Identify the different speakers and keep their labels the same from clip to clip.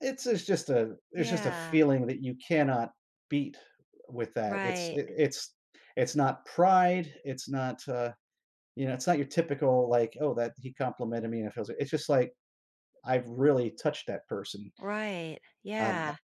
Speaker 1: It's a it's just a it's just a
Speaker 2: Yeah.
Speaker 1: feeling that you cannot beat w with that, it's
Speaker 2: Right.
Speaker 1: i it's it's not pride, it's not, uh you know, it's not your typical, like, "Oh, that he complimented me, and it feels like" it's just, like, I've really touched that person.
Speaker 2: Right.
Speaker 1: Um, uh
Speaker 2: Yeah.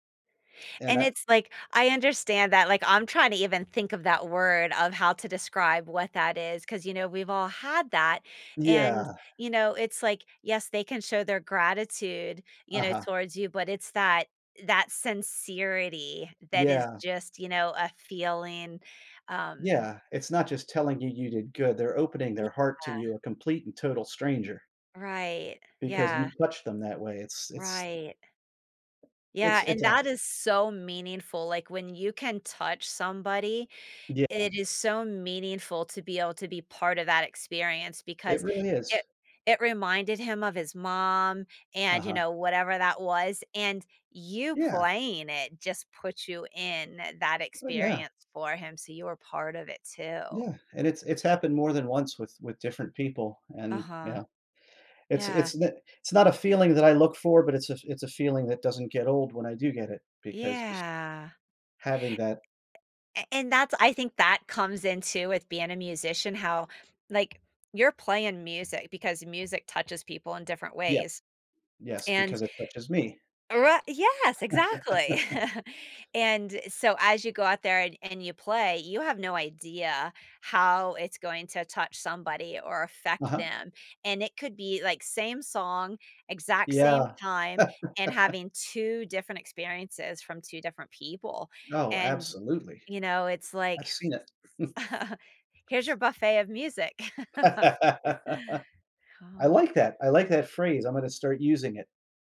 Speaker 1: and
Speaker 2: And
Speaker 1: I
Speaker 2: it's like, I understand that, like, I'm trying to even think of that word of how to describe what that is, 'cause, you know, we've all had that,
Speaker 1: Yeah.
Speaker 2: and, you know, it's like, yes, they can show their gratitude, you know,
Speaker 1: Uh-huh.
Speaker 2: towards you, but it's that that sincerity that is
Speaker 1: Yeah.
Speaker 2: just, you know, a feeling. Um
Speaker 1: Yeah, it's not just telling you you did good, they're opening their heart to
Speaker 2: Yeah.
Speaker 1: you, a complete and total stranger
Speaker 2: Right.
Speaker 1: because
Speaker 2: Yeah.
Speaker 1: you touch them that way, it's it's
Speaker 2: Right.
Speaker 1: it's
Speaker 2: Yeah,
Speaker 1: it's
Speaker 2: and
Speaker 1: a
Speaker 2: that is so meaningful, like, when you can touch somebody,
Speaker 1: Yeah.
Speaker 2: it is so meaningful to be able to be part of that experience,
Speaker 1: It
Speaker 2: because
Speaker 1: really is.
Speaker 2: it it reminded him of his mom, and, you
Speaker 1: Uh-huh.
Speaker 2: know, whatever that was, and you
Speaker 1: Yeah.
Speaker 2: playing it just puts you in that
Speaker 1: Oh, yeah.
Speaker 2: experience for him, so you were part of it
Speaker 1: Yeah,
Speaker 2: too.
Speaker 1: and it's it's happened more than once with with different people, and,
Speaker 2: Uh-huh.
Speaker 1: yeah. It's
Speaker 2: Yeah.
Speaker 1: it's n it's not a feeling that I look for, but it's a f it's a feeling that doesn't get old when I do get it, because just
Speaker 2: Yeah.
Speaker 1: having that
Speaker 2: A and that's I think that comes in, too, with being a musician, how, like, you're playing music, because music touches people in different
Speaker 1: Yep.
Speaker 2: ways.
Speaker 1: Yes,
Speaker 2: And
Speaker 1: because it touches me.
Speaker 2: Ri Yes, exactly. And, so, as you go out there, and and you play, you have no idea how it's going to touch somebody, or affect
Speaker 1: Uh-huh.
Speaker 2: them, and it could be, like, same song, exact same
Speaker 1: Yeah.
Speaker 2: time, and having 2 different experiences from 2 different people,
Speaker 1: Oh,
Speaker 2: and,
Speaker 1: absolutely.
Speaker 2: you know, it's like
Speaker 1: I've seen it.
Speaker 2: here's your buffet of music.
Speaker 1: I
Speaker 2: Oh
Speaker 1: like that. I like that phrase, I'm gonna start using it.